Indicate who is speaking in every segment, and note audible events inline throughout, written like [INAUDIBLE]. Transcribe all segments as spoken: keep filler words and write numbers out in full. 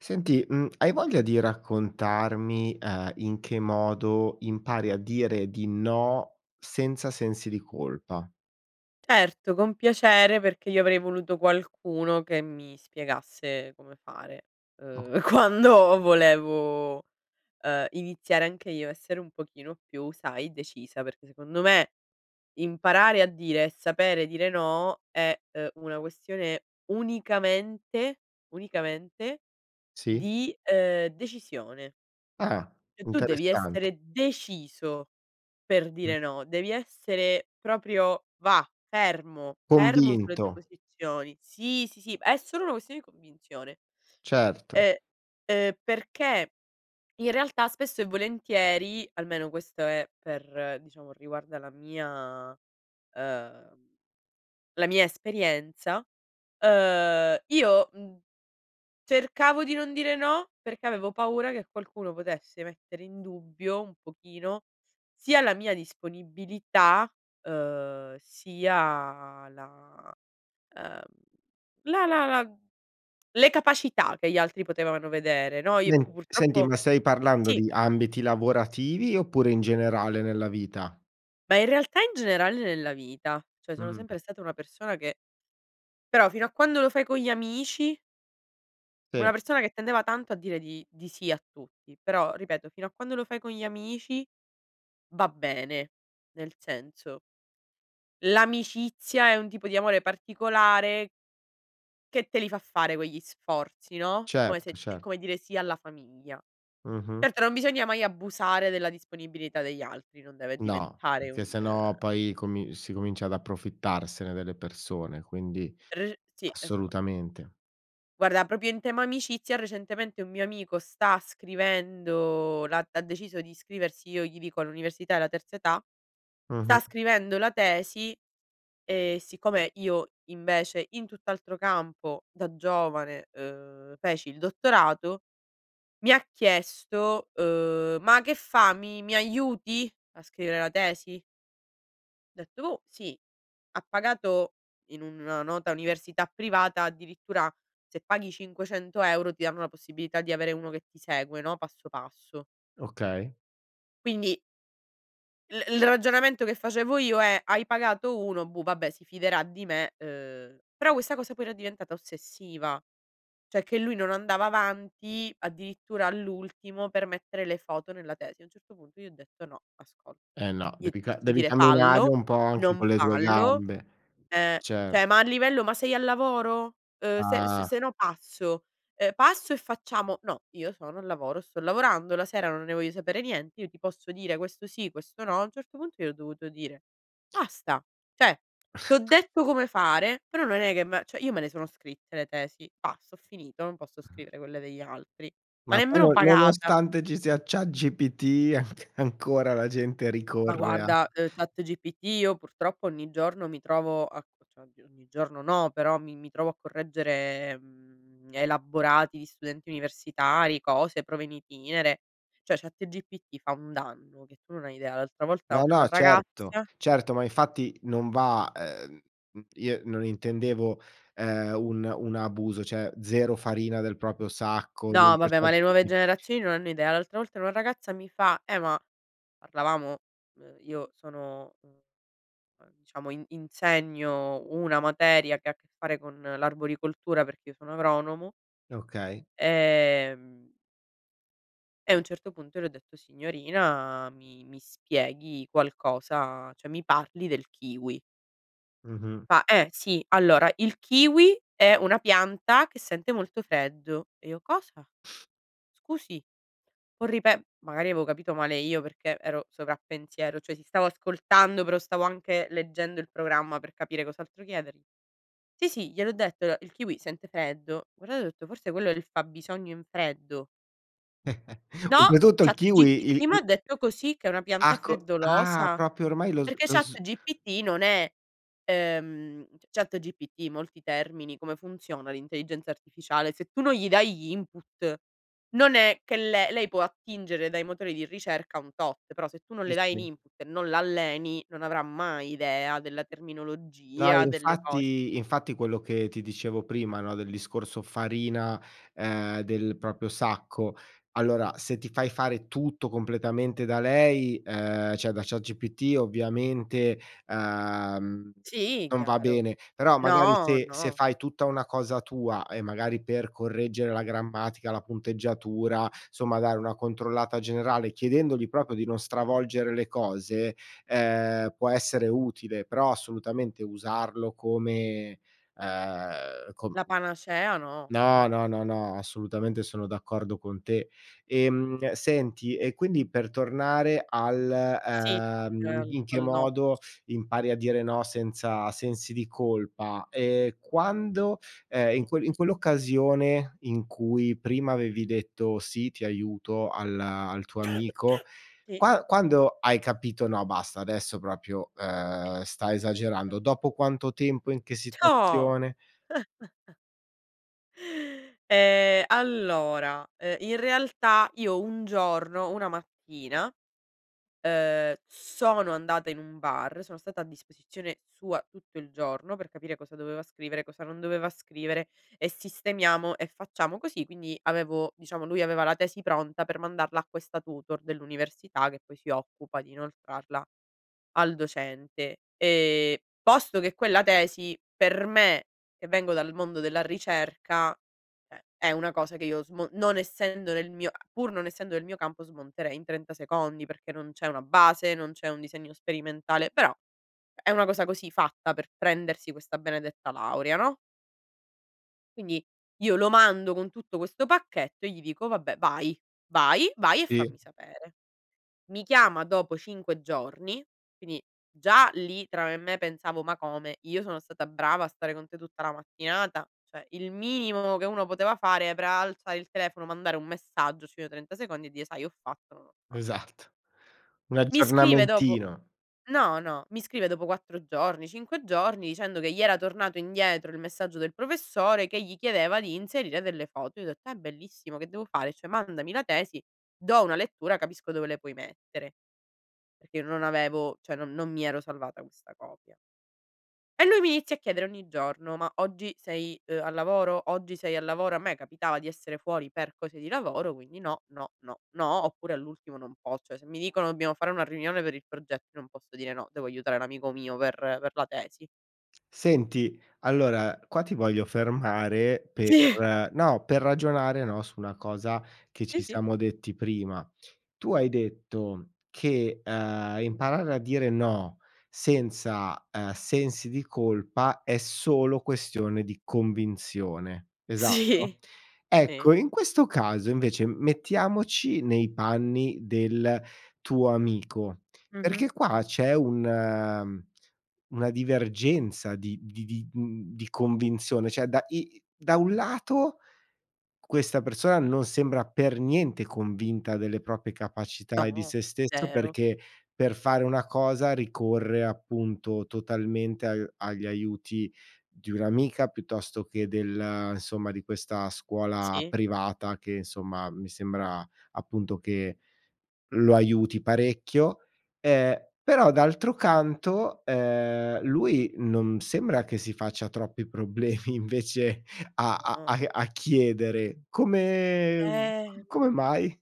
Speaker 1: Senti, mhmm, hai voglia di raccontarmi, uhm, in che modo impari a dire di no, senza sensi di colpa?
Speaker 2: Certo, con piacere, perché io avrei voluto qualcuno che mi spiegasse come fare,
Speaker 1: O
Speaker 2: uhm, quando volevo, uhm, iniziare anche io essere un pochino più, sai, decisa, perché, secondo me, imparare a dire e sapere dire no, è, uhm, una questione unicamente, unicamente
Speaker 1: Sì.
Speaker 2: di, uhm, decisione.
Speaker 1: Ah,
Speaker 2: E tu devi
Speaker 1: interessante.
Speaker 2: essere deciso per
Speaker 1: Mh.
Speaker 2: dire no, devi essere proprio, và, fermo, fermo sulle tue
Speaker 1: Convinto.
Speaker 2: posizioni. Sì, sì, sì, è solo una questione di convinzione.
Speaker 1: Certo.
Speaker 2: Ehm, uhm, perché in realtà, spesso e volentieri almeno questo è per diciamo, riguarda la mia uhm la mia esperienza. Uhm, io, mhmm, cercavo di non dire no, perché avevo paura che qualcuno potesse mettere in dubbio, un pochino, sia la mia disponibilità, uhm, sia la uhm, la la la le capacità che gli altri potevano vedere, no, i
Speaker 1: Nen senti, ma
Speaker 2: purtroppo
Speaker 1: stai parlando
Speaker 2: sì.
Speaker 1: di ambiti lavorativi oppure in generale nella vita?
Speaker 2: Ma in realtà, in generale nella vita, ceh sono
Speaker 1: Mh-mh-mh.
Speaker 2: sempre stata una persona, che Però, fino a quando lo fai con gli amici
Speaker 1: Sì.
Speaker 2: Una persona che tendeva tanto a dire di di sì a tutti, però, ripeto, fino a quando lo fai con gli amici, va bene, nel senso l'amicizia è un tipo di amore particolare che te li fa fare quegli sforzi, no, è come
Speaker 1: Certo,
Speaker 2: se è
Speaker 1: ce
Speaker 2: come dire sì alla famiglia.
Speaker 1: Mh-mh.
Speaker 2: Certo, non bisogna mai abusare della disponibilità degli altri. Non deve
Speaker 1: No,
Speaker 2: diventare
Speaker 1: che
Speaker 2: un
Speaker 1: se no poi, comi si comincia ad approfittarsene delle persone, quindi
Speaker 2: [UNINTELLIGIBLE] Sì, esa
Speaker 1: assolutamente.
Speaker 2: Guarda, propio in tema amicizia, recentemente, un mio amico sta scrivendo la ha deciso di iscriversi, io gli dico, all'università della terza età. Sta
Speaker 1: Mh-mh.
Speaker 2: scrivendo la tesi e siccome io invece, in tutt'altro campo da giovane, uhm, feci il dottorato, mi ha chiesto: "Uhm, ma che fa, mi mi aiuti a scrivere la tesi?" Dett "Oh, sì". Ha pagato, in una nota università privata addirittura se paghi cinquecento euro ti danno la possibilità di avere uno che ti segue, no, passo passo.
Speaker 1: Okay.
Speaker 2: Quindi il il ragionamento che facevo io è: hai pagato uno, boh, vabbè, si fiderà di me, uhm, però questa cosa poi era diventata ossessiva, cioè che lui non andava avanti, addirittura all'ultimo per mettere le foto nella tesi. A un certo punto gli ho detto: “No, ascolta,
Speaker 1: Eh, no.
Speaker 2: io
Speaker 1: Devi
Speaker 2: ti
Speaker 1: ca
Speaker 2: posso
Speaker 1: devi
Speaker 2: dire:
Speaker 1: camminare
Speaker 2: fallo,
Speaker 1: un po' anche
Speaker 2: non
Speaker 1: con le tue
Speaker 2: fallo.
Speaker 1: gambe.
Speaker 2: Ehm,
Speaker 1: Cert
Speaker 2: ceh ma a livello ma sei al lavoro? Ehm, se s
Speaker 1: Ah.
Speaker 2: sennò passo, ehm, passo e facciamo”, “No, io sono al lavoro, sto lavorando, la sera non ne voglio sapere niente, io ti posso dire questo sì, questo no”. A un certo punto gli ho dovuto dire: "Basta, cioè t'ho
Speaker 1: [CHUCKLES]
Speaker 2: detto come fare, però non è che me" ceh io me le sono scritte le tesi, basta, ho finito, non posso
Speaker 1: [UNINTELLIGIBLE]
Speaker 2: scrivere quelle degli altri, ma
Speaker 1: Ma poi no
Speaker 2: nemmeno pagata.
Speaker 1: nonostante ci sia ChatGPT, anc ancora la gente
Speaker 2: Ma
Speaker 1: ricorre a
Speaker 2: guarda, uhm, ChatGPT io purtroppo ogni giorno mi trovo a cioè oddio, ogni giorno no, però mi mi trovo a correggere, mhmm, elaborati di studenti universitari, cose, prove in itinere, cioè ChatGPT fa un danno che tu non hai idea. L'altra volta
Speaker 1: No,
Speaker 2: una
Speaker 1: no, certo,
Speaker 2: ragazzia
Speaker 1: certo. Ma infatti non va, uhm, mhmm, io non intendevo, ehm, un un abuso. ceh, zero farina del proprio sacco,
Speaker 2: No,
Speaker 1: comunque
Speaker 2: vabbè, ma le nuove
Speaker 1: ChatGPT
Speaker 2: generazioni non hanno idea. L'altra volta una ragazza mi fa: "Eh, ma", parlavamo, uhm, io sono, uhm, diciamo in insegno una materia che ha a che fare con l'arboricoltura, perché io sono agronomo.
Speaker 1: Okay.
Speaker 2: Ehm e a un certo punto le ho detto: "Signorina mi mi spieghi qualcosa, ceh mi parli del kiwi".
Speaker 1: Mh-mh.
Speaker 2: Fa: "Eh sì, allora, il kiwi è una pianta che sente molto freddo". E io: "Cosa?"
Speaker 1: [SNORTS]
Speaker 2: “Scusi, può ripe” magari aveo capito male io perché ero sovrappensiero, cioè sì, stavo ascoltando, però stavo anche leggendo il programma per capire cos'altro chiedergli. "Sì, sì, gliel'ho detto, alo il kiwi sente freddo". Guardato, ho detto: "Forse quello è il fabbisogno in freddo".
Speaker 1: [CHUCKLES]
Speaker 2: “No,
Speaker 1: Dopotutto il kiwi il
Speaker 2: ChatGPT m'ha
Speaker 1: i
Speaker 2: detto così, che è una pianta
Speaker 1: Ah, co ah,
Speaker 2: freddolosa”.
Speaker 1: propio ormai lo s
Speaker 2: Perché
Speaker 1: lo s
Speaker 2: ChatGPT non è, ehm, ChatGPT molti termini come funziona l'intelligenza artificiale? Se tu non gli dai gli input, non è che le lei può attingere dai motori di ricerca un tot, però se tu non
Speaker 1: Sì,
Speaker 2: le dai in
Speaker 1: sì.
Speaker 2: input, non l'alleni, non avrà mai idea della
Speaker 1: No,
Speaker 2: terminologia delle cose.
Speaker 1: infatti, infatti, quello che ti dicevo prima, no, del discorso farina, ehm, del proprio sacco: allora, se ti fai fare tutto completamente da lei, ehm, cioè da ChatGPT ovviamente, uhm,
Speaker 2: Sì,
Speaker 1: non va
Speaker 2: chiaro.
Speaker 1: bene. Però magari
Speaker 2: No,
Speaker 1: se se
Speaker 2: no.
Speaker 1: fai tutta una cosa tua e magari per correggere la grammatica, la punteggiatura, somma, dare una controllata generale, chiedendogli propio di non stravolgere le cose, ehm, può essere utile. Però assolutamente usarlo come, uhm, com
Speaker 2: La panacea no,
Speaker 1: no,
Speaker 2: no.
Speaker 1: no, no, no, assolutamente, sono d'accordo con te. Ehm, senti, e quindi per tornare al,
Speaker 2: Sì,
Speaker 1: uhm,
Speaker 2: ehm,
Speaker 1: in che
Speaker 2: al no.
Speaker 1: modo impari a dire no senza sensi di colpa, ehm, quando, ehm, in que in quell'occasione in cui prima avevi detto: “Sì, ti aiuto”, al al tuo amico
Speaker 2: [COUGHS] Sì.
Speaker 1: qua quando hai capito: “No, basta, adesso propio,
Speaker 2: Eh,
Speaker 1: uhm, sta
Speaker 2: guarda.
Speaker 1: esagerando”? Dopo quanto tempo, in che
Speaker 2: C'ho.
Speaker 1: situazione?
Speaker 2: [CHUCKLES] Ehm, allora, ehm, in realtà io un giorno, una mattina, ehm, sono andata in un bar, sono stata a disposizione sua tutto il giorno per capire cosa doveva scrivere, cosa non doveva scrivere e sistemiamo, e facciamo così. Quindi avevo, diciamo, lui aveva la tesi pronta per mandarla a questa tutor dell'università, che poi si occupa di inoltrarla al docente, ehm, posto che quella tesi per me, che vengo dal mondo della ricerca, è è una cosa che io smo non essendo nel mio a pur non essendo nel mio campo, smonterei in trenta secondi, perché non c'è una base, non c'è un disegno sperimentale, però è una cosa così, fatta per prendersi questa benedetta laurea, no? Quindi io lo mando con tutto questo pacchetto e gli dico: “Vabbè, vai, vai, vai e
Speaker 1: Sì.
Speaker 2: fammi sapere”. Mi chiama dopo cinque giorni, quini già lì tra me e me pensavo: “Ma come? Io sono stata brava a stare con te tutta la mattinata, cioè il minimo che uno poteva fare era alzare il telefono, mandare un messaggio sui trenta secondi e dire: 'Sai ho fatto, non ho fa'”
Speaker 1: Esatto, un
Speaker 2: Mi scrive dopo
Speaker 1: aggiornamentino.
Speaker 2: no, no, mi scrive dopo quattro giorni, cinque giorni, dicendo che gli era tornato indietro il messaggio del professore che gli chiedeva di inserire delle foto. Io ho detto: “È bellissimo, che devo fare? Cioè, mandami la tesi, do una lettura, capisco dove le puoi mettere”. Perché io non avevo cioè non non mi ero salvata questa copia. E lui mi inizia a chiedere ogni giorno: “Ma oggi sei, uhm, al lavoro? Oggi sei al lavoro?” A me capitava di essere fuori per cose di lavoro, quindi no, no, no, no, oppure all'ultimo non pos cioè se mi dicono: "Dobbiamo fare una riunione per il progetto", io non posso dire: “No, devo aiutare l'amico mio per per la tesi.”
Speaker 1: Senti, allora, qua ti voglio fermare
Speaker 2: Sì.
Speaker 1: per no, per ragionare, no, su una cosa che ci
Speaker 2: Sì, sì.
Speaker 1: siamo detti prima. Tu hai detto che, uhm, imparare a dire no senza, ehm, sensi di colpa è solo questione di convinzione, esatto?
Speaker 2: Sì. Sì.
Speaker 1: Ecco, in questo caso invece m mettiamoci nei panni del tuo amico,
Speaker 2: Mh-mh.
Speaker 1: perché qua c'è un, uhm, una divergenza di di di, mhmm, di convinzione. Cioè da i da un lato questa persona non sembra per niente convinta delle propie capacità e di
Speaker 2: No,
Speaker 1: sé stesso,
Speaker 2: zero.
Speaker 1: perché per fare una cosa ricorre, appunto, totalmente a agli aiuti di un'amica, piuttosto che del, insomma, di questa scuola
Speaker 2: Sì.
Speaker 1: privata che, insomma, mi sembra, appunto, che lo aiuti parecchio. Ehm, però d'altro canto, ehm, lui non sembra che si faccia troppi problemi invece a
Speaker 2: No,
Speaker 1: a
Speaker 2: no.
Speaker 1: a a chiedere come, mhmm,
Speaker 2: Ehm
Speaker 1: c come mai?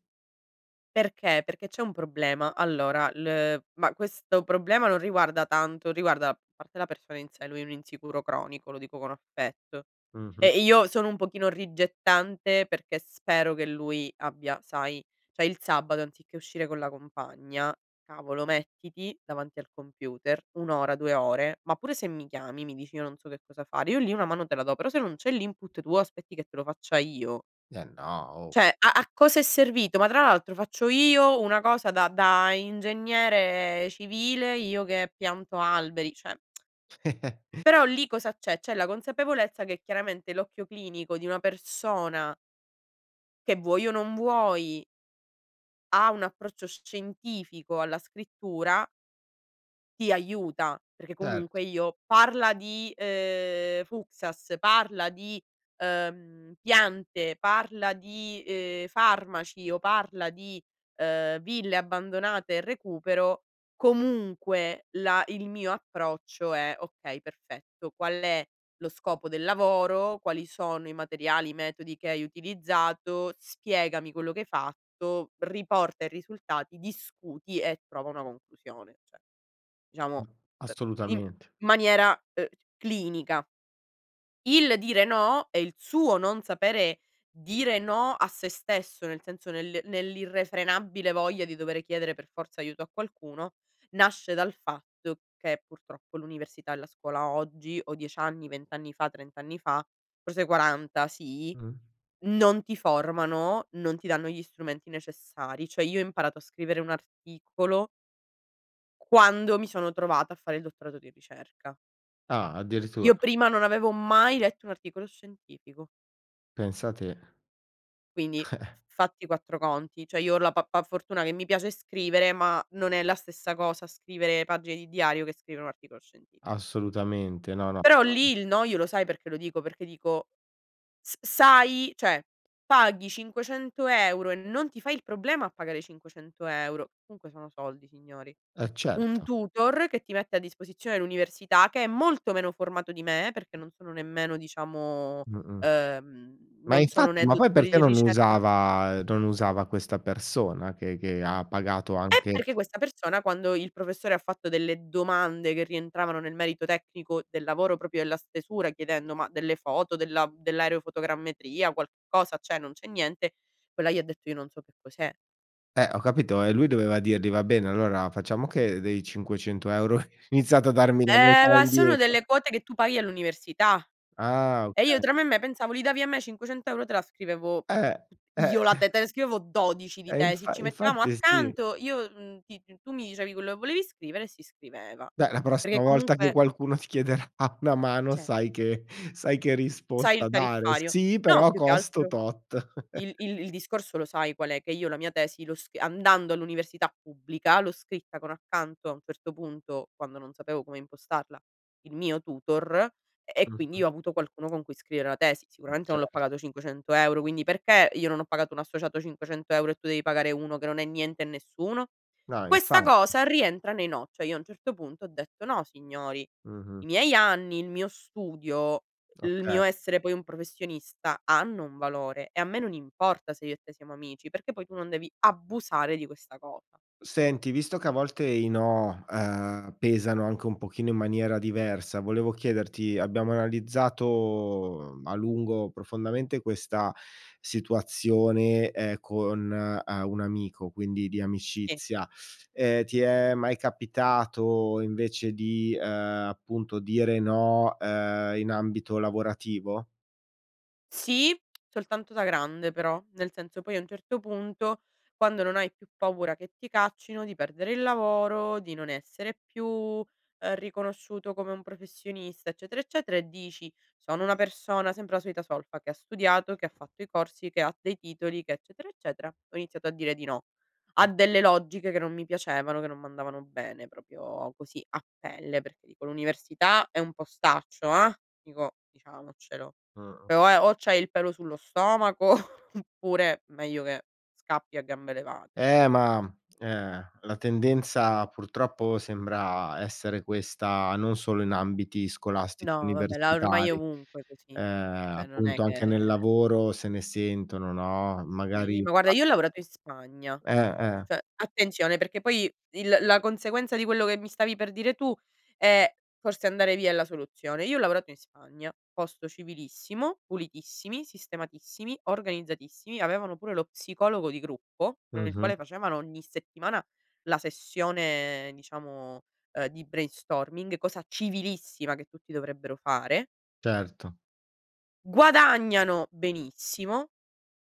Speaker 2: Perché? Perché c'è un problema. Allora il ma questo problema non riguarda tanto riguarda a parte la persona in sé, lui è un insicuro cronico, lo dico con affetto
Speaker 1: Mh-mh.
Speaker 2: e io sono un pochino rigettante perché spero che lui abbia sai ceh il sabato anziché uscire con la compagna, cavolo, mettiti davanti al computer un ora, due ore, ma pure se mi chiami mi dici: "Io non so che cosa fare", io lì una mano te la do; però se non c'è l'input, tu aspetti che te lo faccia io,
Speaker 1: Eh, no, oh.
Speaker 2: ceh a a cosa è servito? Ma tra l'altro faccio io una cosa da da ingegnere civile, io che pianto alberi, ceh [TSK]
Speaker 1: [CHUCKLES]
Speaker 2: però lì cosa c'è? C'è la consapevolezza che chiaramente l'occhio clinico di una persona che vuoi o non vuoi ha un approccio sc scientifico alla scrittura ti aiuta, perché
Speaker 1: Certo.
Speaker 2: comunque io parla di, uhm, Fuksas, parla di, uhm, piante, parla di, uhm, farmaci o parla di, uhm, ville abbandonate e recupero, comunque là il mio approccio è: "Okay, perfetto, qual è lo scopo del lavoro? Quali sono i materiali, i metodi che hai utilizzato? Spiegami quello che hai fatto? Riporta i risultati, discuti e trova una conclusione." ceh, diciamo,
Speaker 1: Mh,
Speaker 2: uhm, in
Speaker 1: assolutamente.
Speaker 2: maniera, uhm, clinica. Il dire "no" e il suo non sapere dire "no" a se stesso, nel senso nel nell'irrefrenabile voglia di dovere chiedere per forza aiuto a qualcuno, nasce dal fatto che, purtroppo, l'università e la scuola oggi o dieci anni, vent anni fa, trent anni fa, forse quaranta sì,
Speaker 1: Mh.
Speaker 2: non ti formano, non ti danno gli strumenti necessari. ceh io ho imparato a scrivere un articolo quando mi sono trovata a fare il dottorato di ricerca.
Speaker 1: Ah, addirittura.
Speaker 2: Io prima non avevo mai letto un articolo scientifico.
Speaker 1: Pensa te.
Speaker 2: Quindi
Speaker 1: [CHUCKLES]
Speaker 2: f fatti quattro conti, ceh io ho la pa pa fortuna che mi piace scrivere, ma non è la stessa cosa scrivere pagine di diario che scrivere un articolo scientifi
Speaker 1: Assolutamente, no, no,
Speaker 2: Però,
Speaker 1: chiaro.
Speaker 2: lì, il "no", io lo sai perché lo dico? Perché dico s sai ceh paghi cinquecento euro e non ti fai il problema a pagare cinquecento euro, comunque sono soldi signori,
Speaker 1: Eh,
Speaker 2: un
Speaker 1: certo.
Speaker 2: tutor che ti mette a disposizione l'università, che è molto meno formato di me, perché non sono nemmeno, diciamo
Speaker 1: Mh-mh.
Speaker 2: uhm,
Speaker 1: Ma
Speaker 2: non sono
Speaker 1: infatti,
Speaker 2: né
Speaker 1: ma poi
Speaker 2: dottori
Speaker 1: perché
Speaker 2: di
Speaker 1: non
Speaker 2: ricerca
Speaker 1: usava non usava questa persona che che ha pagato
Speaker 2: Eh
Speaker 1: anche
Speaker 2: perché questa persona quando il professore ha fatto delle domande che rientravano nel merito tecnico del lavoro, propio della stesura chiedendo: "Ma delle foto della dell'aerofotogrammetria qualcosa, ceh non c'è niente?" Quella gli ha detto: "Io non so che cos'è."
Speaker 1: Eh, ho capito e lui doveva dirgli: "Va bene, allora, facciamo che dei cinquecento euro iniziate a darmi la
Speaker 2: Eh,
Speaker 1: metà
Speaker 2: ma sono
Speaker 1: indietro".
Speaker 2: delle quote che tu paghi all'università
Speaker 1: Ah,
Speaker 2: e io
Speaker 1: okay.
Speaker 2: tra me e me pensavo: "Li davi a me cinquecento euro te la scrivevo
Speaker 1: Eh, eh.
Speaker 2: io la te
Speaker 1: [CHUCKLES]
Speaker 2: te la scrivevo dodici di
Speaker 1: Eh
Speaker 2: tesi".
Speaker 1: infa
Speaker 2: Ci mettiamo
Speaker 1: infatti sì.
Speaker 2: accanto io, mhmm, ti tu mi dicevi quello che volevi scrivere e si scriveva,
Speaker 1: Beh, la prossima
Speaker 2: perché
Speaker 1: volta che
Speaker 2: comunque
Speaker 1: qualcuno ti chiederà una mano
Speaker 2: ceh
Speaker 1: sai che sai che
Speaker 2: Sai il
Speaker 1: risposta dare:
Speaker 2: tariffario.
Speaker 1: "Sì
Speaker 2: No
Speaker 1: però
Speaker 2: più che
Speaker 1: costo
Speaker 2: altro
Speaker 1: tot."
Speaker 2: il
Speaker 1: [CHUCKLES]
Speaker 2: il il discorso lo sai qual è? Che io la mia tesi lo s andando all'università pubblica, l'ho scritta con accanto, a un certo punto, quando non sapevo come impostarla, il mio tutor e quindi
Speaker 1: Mh-mh.
Speaker 2: io ho avuto qualcuno con cui scrivere la tesi,
Speaker 1: Mh,
Speaker 2: sicuramente
Speaker 1: cer
Speaker 2: non l'ho pagato cinquecento euro quindi, perché io non ho pagato un associato cinquecento euro e tu devi pagare uno che non è niente e nessuno?
Speaker 1: No, infa
Speaker 2: Questa cosa rientra nei no, ceh io a un certo punto ho detto: "No signori,
Speaker 1: Mh-mh.
Speaker 2: i miei anni, il mio studio, il
Speaker 1: Okay.
Speaker 2: mio essere poi un professionista, hanno un valore e a me non importa se io e te siamo amici perché poi tu non devi abusare di questa cosa".
Speaker 1: Senti, visto che a volte i no, uhm, pesano anche un pochino in maniera diversa, volevo chiederti: abbiamo analizzato, mhmm, a lungo, profondamente, questa situazione, ehm, con, uhm, un amico, quindi di
Speaker 2: E.
Speaker 1: amicizia; ehm, ti è mai capitato invece di, ehm, appunto, dire no, uhm, in ambito lavorativo?
Speaker 2: Sì, soltanto da grande, però, nel senso, poi, a un certo punto, quando non hai più paura che ti caccino, di perdere il lavoro, di non essere più, uhm, riconosciuto come un professionista, eccetera, eccetera, e dici: "Sono una persona- sempre la solita solfa- che ha studiato, che ha fatto i corsi, che ha dei titoli che, eccetera, eccetera" ho iniziato a dire di no a
Speaker 1: Mh-mh.
Speaker 2: delle logiche che non mi piacevano, che non m'andavano bene, propio così a pelle, perché, dico, l'università è un postaccio, ehm, dico diciamocelo
Speaker 1: Mh-mh.
Speaker 2: o è o c'hai il pelo sullo stomaco oppure, meglio che scappi a gambe levate.
Speaker 1: Eh, ma, ehm, la tendenza purtroppo sembra essere questa, non solo in ambiti scolastici
Speaker 2: No, vabbè, la ormai è
Speaker 1: universitari,
Speaker 2: ovunque
Speaker 1: uhm,
Speaker 2: così, che non è
Speaker 1: appunto, anche nel
Speaker 2: che
Speaker 1: lavoro se ne sentono, no, magari
Speaker 2: Sì, ma, guarda,
Speaker 1: a
Speaker 2: io ho lavorato in Spagna,
Speaker 1: Eh, eh.
Speaker 2: ceh attenzione, perché poi il la conseguenza di quello che mi stavi per dire tu è: forse andare via è la soluzione; io ho lavorato in Spagna, posto civilissimo, pulitissimi, sistematissimi, organizzatissimi, avevano pure lo psicologo di gruppo, con il
Speaker 1: Mh-mh.
Speaker 2: quale facevano ogni settimana la sessione, ehm, diciamo, uhm, di brainstorming, cosa civilissima che tutti dovrebbero fare.
Speaker 1: Certo.
Speaker 2: Guadagnano benissimo,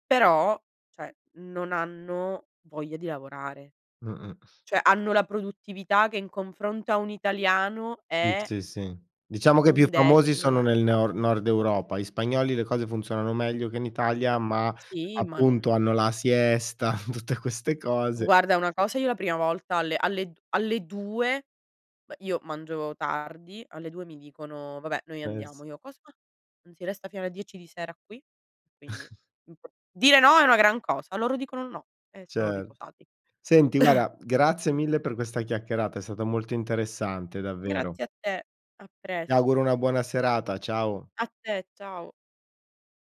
Speaker 2: però, ceh, non hanno voglia di lavorare,
Speaker 1: Mh-mh.
Speaker 2: ceh hanno la produttività che in confronto a un italiano
Speaker 1: Sì,
Speaker 2: è
Speaker 1: sì, sì, diciamo che i più
Speaker 2: un
Speaker 1: famosi
Speaker 2: decimo.
Speaker 1: sono nel neo nord Europa. Gli spagnoli le cose funzionano meglio che in Italia, ma,
Speaker 2: Sì, ma
Speaker 1: appunto,
Speaker 2: non
Speaker 1: hanno la siesta, [CHUCKLES] tutte queste cose.
Speaker 2: Guarda una cosa: io la prima volta alle alle d alle due beh, io mangio tardi alle due mi dicono: "Vabbè noi
Speaker 1: Eh, s
Speaker 2: andiamo." Io: "Cosa? Non si resta fino alle dieci di sera qui?" Quindi
Speaker 1: [CHUCKLES]
Speaker 2: dire no è una gran cosa, loro dicono: "No" e sono
Speaker 1: Cer
Speaker 2: riposati.
Speaker 1: Senti,
Speaker 2: [CHUCKLES]
Speaker 1: guarda, grazie mille per questa chiacchierata, è stata molto interessante, davvero.
Speaker 2: Grazie a te, a
Speaker 1: Ti
Speaker 2: presto.
Speaker 1: auguro una buona serata, ciao.
Speaker 2: A te, ciao.